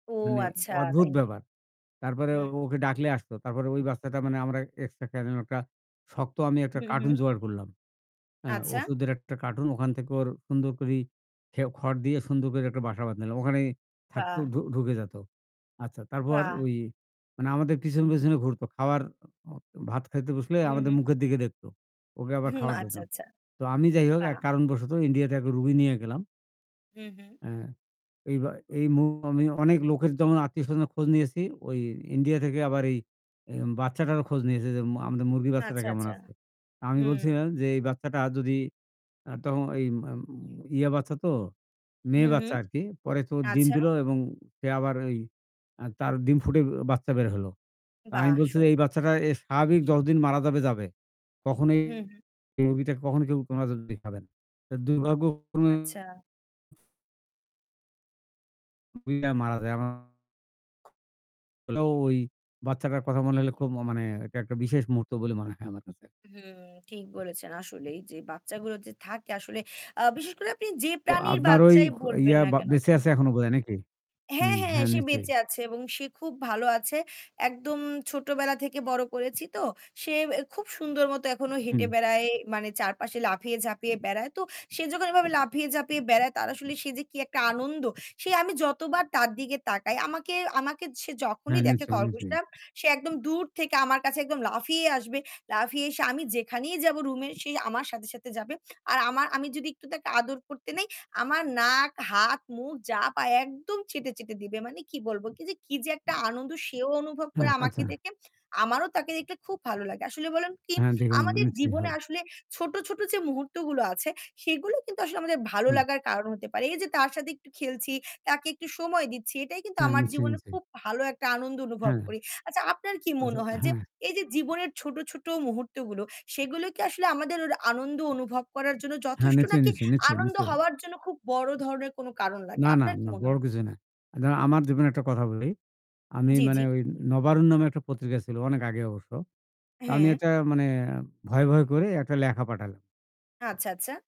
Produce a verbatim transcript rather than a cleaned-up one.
ও মানে আচ্ছা অদ্ভুত তাই নাক ব্যাপার। তারপরে হুম। ওকে ডাকলে আসতো। তারপরে ওই বাচ্চাটা মানে আমরা [unintelligible] একটা শক্ত আমি একটা উহু। কার্টুন হু। জোগাড় করলাম। এ্যা আচ্ছা। ওষুধের একটা কার্টুন। ওখান থেকে ওর সুন্দর করি খেও খড় দিয়ে সুন্দর করে একটা বাসা বান্ধিলাম ওখানেই থাকতো, বাহ! ঢু ঢুকে যেত। আচ্ছা তারপর পা ওই মানে আমাদের পিছনে, পিছনে, ঘুরতো। খাবার অ খাওয়ার ভাত খাইতে বসলে হু, আমাদের হু। মুখের দিকে দেখতো। ওকে আবার হুম। খাবার আচ্ছা, দিতাম। আচ্ছা। তো আমি যাই হোক বাহ! এক কারণবশত ইন্ডিয়াতে একটা রুগী নিয়ে গেলাম। হু, হু। এ্যা এই বা এই মু আমি অনেক লোকের যেমন আত্মীয়স্বজনের খোঁজ নিয়েছি ওই ইন্ডিয়া থেকে আবার এই অ্যাম বাচ্চাটারও খোঁজ নিয়েছে। যে ম আমাদের মুরগির বাচ্চাটা আচ্ছা, কেমন আচ্ছা। আছে? আমি হু। বলছিলাম যে এই বাচ্চাটা যদি আ তখন এই আম ইয়া বাচ্চা তো হু, মেয়ে হু। বাচ্চা আর কি। পরে তো ডিম আচ্ছা। দিল এবং ফের আবার ওই আ তার ডিম ফুটে বাচ্চা বের হল। তা আমি বাহ! বলছি যে, এই সুন্দর। বাচ্চাটা এ স্বাভাবিক যত দিন মারা যাবে, যাবে। কখনোই হু, হু। এই রোগীকে কখনো কেউ [unintelligible] যদি খাবেন। দুর্ভাগ্য ক্রমে আচ্ছা। [unintelligible] মারা যায় আমার। হলেও ওই বাচ্চাটার কথা মনে হলে খুব ও মানে এটা একটা বিশেষ মুহূর্ত বলে মনে হয় আমার কাছে। হুম। ঠিক বলেছেন, আসলেই যে বাচ্চাগুলো যে থাকে আসলে, আ বিশেষ করে আপনি যে তো প্রাণীর আপনার ওই বাচ্চাই খ বলবেন ইয়া না বা কেন বেঁচে হুম। আছে এখনও বোধহয় নাকি? হ্যাঁ, হুম, হ্যাঁ, হ্যাঁ সে নিশ্চয়ই। বেঁচে আছে এবং সে খুব ভালো আছে। একদম ছোটবেলা থেকে বড় করেছি তো। সে এ খুব সুন্দরমত এখনও হেঁটে হুম। বেড়ায়। মানে চারপাশে লাফিয়ে ঝাঁপিয়ে বেড়ায়। তো সে যখন এভাবে লাফিয়ে ঝাঁপিয়ে বেড়ায় তার আসলে সে যে কি একটা আনন্দ! সে আমি যতবার তার দিকে তাকাই আমাকে, আমাকে, সে হ্যাঁ, যখনই দেখে নিশ্চয়ই, নিশ্চয়ই। খরগোশটা সে একদম দূর থেকে আমার কাছে একদম লাফিয়ে আসবে। লাফিয়ে এসে আমি যেখানেই যাব room এ সে আমার সাথে, সাথে, যাবে। আর আমা আমি যদি একটু তাকে আদর করতে নেই, আমার নাক, হাত, মুখ যা পায় একদম চেটে, চেটে, দিবে। মানে কি বলব কি যে কি যে একটা আনন্দ সেও অনুভব করে হ্যাঁ, আমাকে আচ্ছা। দেখে। আমারও তাকে দেখলে খুব ভালো লাগে। আসলে বলুন কি, হ্যাঁ, দেখুন, আমাদের নিশ্চয়ই জীবনে হবে। আসলে ছোট, ছোট, যে মুহূর্তগুলো আছে সেগুলো কিন্তু আসলে আমাদের ভালো অ্যা লাগার কারণ হতে পারে। এই যে তার সাথে একটু খেলছি, তাকে একটু সময় দিচ্ছি এটাই কিন্তু হ্যাঁ, আমার নিশ্চয়ই, জীবনে নিশ্চয়ই। খুব ভালো একটা আনন্দ অনুভব হ্যাঁ। করি। আচ্ছা, আপনার কি আচ্ছা, মনে হয় যে, হ্যাঁ। এই যে জীবনের ছোট, ছোট, মুহূর্তগুলো সেগুলো কি আসলে আমাদের ওই আনন্দ অনুভব করার জন্য হ্যাঁ, যথেষ্ট নিশ্চয়ই, নাকি? নিশ্চয়ই, নিশ্চয়ই, আনন্দ নিশ্চয়ই। হওয়ার জন্য খুব বড় ধরনের কোন কারণ লাগে? না, না, আপনার কি না। মনে বড় হয়? কিছু না। [unintelligible] আমার যেমন একটা কথা বলি। আমি জি, জি। মানে ওই 'নবারুণ' নামে একটা পত্রিকা ছিল অনেক আগে অবশ্য। তো আমি হ্যাঁ। একটা মানে ভয়ে, ভয়ে, করে একটা লেখা পাঠালাম আচ্ছা, আচ্ছা।